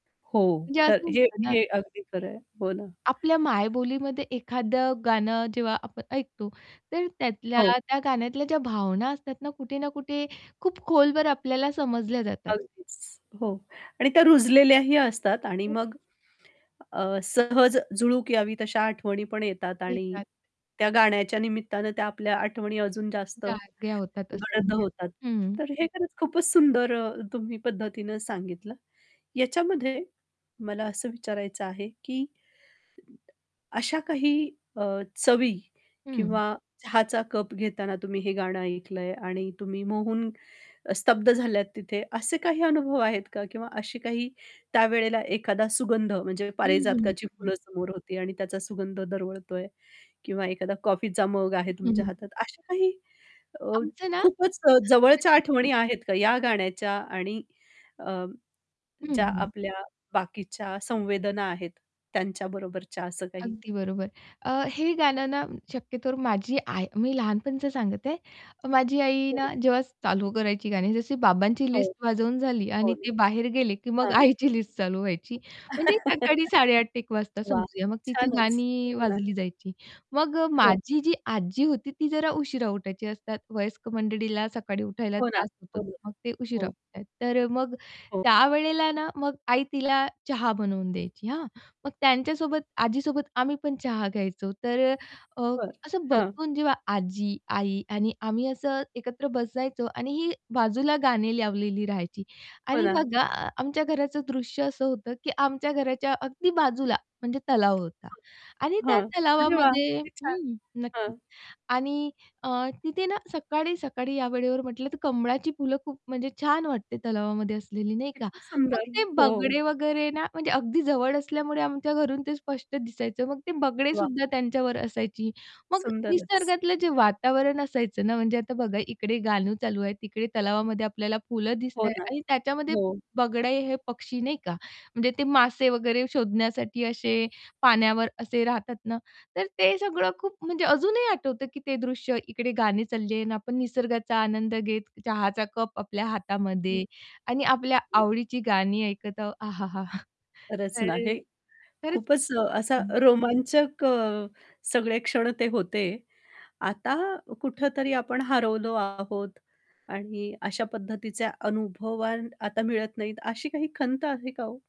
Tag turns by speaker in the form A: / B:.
A: हो,
B: म्हणजे असं
A: खरं हे
B: असतं ना.
A: हे अगदी खरं आहे. हो ना.
B: आपल्या मायबोलीमध्ये एखादं गाणं जेव्हा आपण ऐकतो, तर त्यातल्या
A: हो.
B: त्या गाण्यातल्या ज्या भावना असतात ना, कुठे ना कुठे खूप खोलवर आपल्याला समजल्या जातात.
A: अगदीच. हो. आणि त्या रुजलेल्याही असतात आणि
B: हो तेच.
A: मग, अ, सहज झुळूक यावी तशा आठवणी पण येतात. आणि
B: येतात.
A: त्या गाण्याच्या निमित्तानं त्या आपल्या आठवणी अजून जास्त
B: जाग्या होतात असं
A: गडद
B: म्हणूया.
A: होतात.
B: हं.
A: तर हे खरंच खूपच सुंदर तुम्ही पद्धतीनं सांगितलं. याच्यामध्ये मला असं विचारायचं आहे? की अशा काही अ, चवी
B: हं.
A: किंवा चहाचा कप घेताना तुम्ही हे गाणं ऐकलं आहे आणि तुम्ही मोहून अ, स्तब्ध झाल्यात तिथे, असे काही अनुभव आहेत का? किंवा असे काही त्यावेळेला एखादा सुगंध म्हणजे
B: हं, हं, हं,
A: पारिजातकाची
B: हं.
A: फुलं समोर होती आणि त्याचा सुगंध दरवळतोय किंवा एखादा कॉफीचा मग आहे
B: हं, हं,
A: तुमच्या
B: हं.
A: हातात. अशा काही अ,
B: आमचं ना
A: खूपच जवळच्या
B: [unintelligible]
A: आठवणी आहेत का या गाण्याच्या? आणि अ,
B: हं,
A: ज्या
B: हं.
A: आपल्या बाकीच्या संवेदना आहेत, त्यांच्या बरोबरच्या असं काही?
B: अगदी बरोबर. अ, हे गाणं ना शक्यतो माझी आई मी लहानपणीचं सांगत आहे. माझी आई
A: हो
B: ना
A: ना.
B: जेव्हा चालू करायची गाणी जशी बाबांची
A: हो.
B: लिस्ट वाजवून झाली
A: हो
B: आणि
A: ना.
B: ते बाहेर गेले, की मग
A: हां.
B: आईची लिस्ट चालू व्हायची म्हणजे सकाळी 8:30 ते 1:00 वाजता
A: वाह!
B: समजूया. मग तिची
A: छानच!
B: गाणी
A: हो ना.
B: वाजली जायची. मग अ,
A: हो.
B: माझी जी आजी होती ती जरा उशिरा उठायची असतात वयस्क मंडळीला सकाळी उठायला
A: हो ना.
B: त्रास होतो,
A: हो,
B: तर मग ते उशिरा
A: हो.
B: उठतात. तर मग
A: हो.
B: त्यावेळेला ना मग आई तिला चहा बनवून द्यायची हां. मग त्यांच्यासोबत आजीसोबत आम्ही पण चहा घ्यायचो, तर अ,
A: बरं.
B: असं
A: हां.
B: बसून जेव्हा आजी, आई आणि आम्ही असं एकत्र बसायचो आणि ही बाजूला गाणे लावलेली राहायची.
A: हो
B: आणि
A: ना.
B: बघा आमच्या घराचं दृश्य असं होतं, की आमच्या घराच्या अगदी बाजूला म्हणजे तलाव होता
A: [unintelligible]
B: आणि त्या
A: हां. अरे वाह!
B: तलावामध्ये
A: किती छान!
B: हं. नक्कीच.
A: हां.
B: आणि अ, तिथे ना सकाळी-सकाळी या वेळेवर म्हटलं, तर कमळाची फुलं खूप म्हणजे छान वाटते तलावामध्ये असलेली, नाही का.
A: किती
B: मग
A: सुंदर.
B: ते
A: हो.
B: बगळे वगैरे ना, म्हणजे अगदी जवळ असल्यामुळे आमच्या घरून ते स्पष्ट दिसायचं. मग ते
A: वाह!
B: बगळेसुद्धा त्यांच्यावर असायची. मग
A: सुंदरच.
B: निसर्गातलं जे वातावरण असायचं ना, म्हणजे आता बघा इकडे गाणं चालू आहे, तिकडे तलावामध्ये आपल्याला फुलं
A: हो
B: दिसतं आहे.
A: ना.
B: आणि त्याच्यामध्ये
A: हो.
B: बगळे हे पक्षी नाही का? म्हणजे ते मासे वगैरे शोधण्यासाठी असे पाण्यावर असे राहतात ना, तर ते सगळं खूप म्हणजे अजूनही आठवतं, की ते दृश्य इकडे गाणी चालले आहे. आणि आपण निसर्गाचा आनंद घेत, चहाचा कप आपल्या
A: हं.
B: हातामध्ये आणि आपल्या आवडीची गाणी ऐकत आहो. आहाहा!
A: खरंच
B: तर अ,
A: आहे.
B: खरचं खूप
A: खूपच असा
B: हं.
A: रोमांचक अ, सगळे क्षण ते होते. आता कुठेतरी आपण हरवलो आहोत आणि अशा पद्धतीचे अनुभवान आता मिळत नाहीत अशी काही खंत आहे का हो?